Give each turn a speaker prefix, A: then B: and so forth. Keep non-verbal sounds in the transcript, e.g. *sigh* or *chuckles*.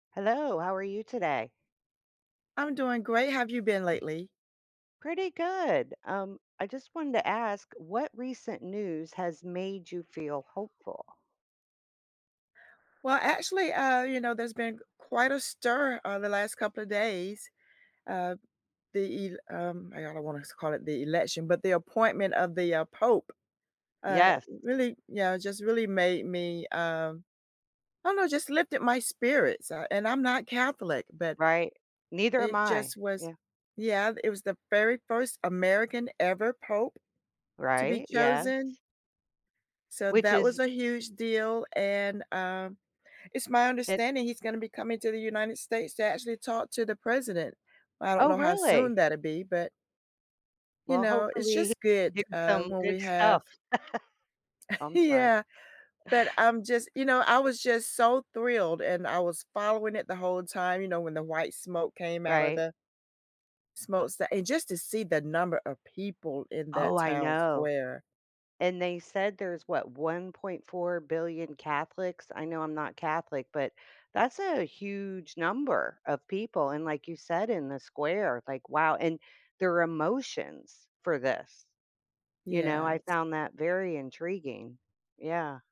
A: Hello, how are you today?
B: I'm doing great. How've you been lately?
A: Pretty good. Um, I just wanted to ask what recent news has made you feel hopeful?
B: Well, actually, uh, you know, there's been quite a stir, uh, the last couple of days. Uh, the el um, I I don't wanna call it the election, but the appointment of the, uh, pope, uh,
A: Yes.
B: really, yeah, just really made me, um, I don't know, just lifted my spirits, uh, and I'm not Catholic, but
A: Right. Neither am
B: it
A: I.
B: just was
A: Yeah.
B: yeah, it was the very first American ever pope to be
A: Right, yes.
B: chosen. So
A: Which
B: that was
A: is
B: a huge deal. And, um, it's my
A: it
B: understanding he's gonna be coming to the United States to actually talk to the president. I don't
A: Oh,
B: know how soon
A: really?
B: that'll be, but you
A: Well,
B: know, it's
A: hopefully, he
B: just good
A: did
B: uh
A: some
B: when we
A: good
B: have
A: stuff. *chuckles* Oh, I'm sorry.
B: Yeah. but I'm just, you know, I was just so thrilled and I was following it the whole time, you know, when the white smoke came out of
A: Right.
B: the smo that and just to see the number of people in that
A: Oh, I
B: town
A: know.
B: square.
A: And they said there's what, 1.4 billion Catholics. I know I'm not Catholic, but that's a huge number of people. And like you said in the square, like wow, and their emotions for this. You know, I
B: Yes.
A: found that very intriguing. Yeah.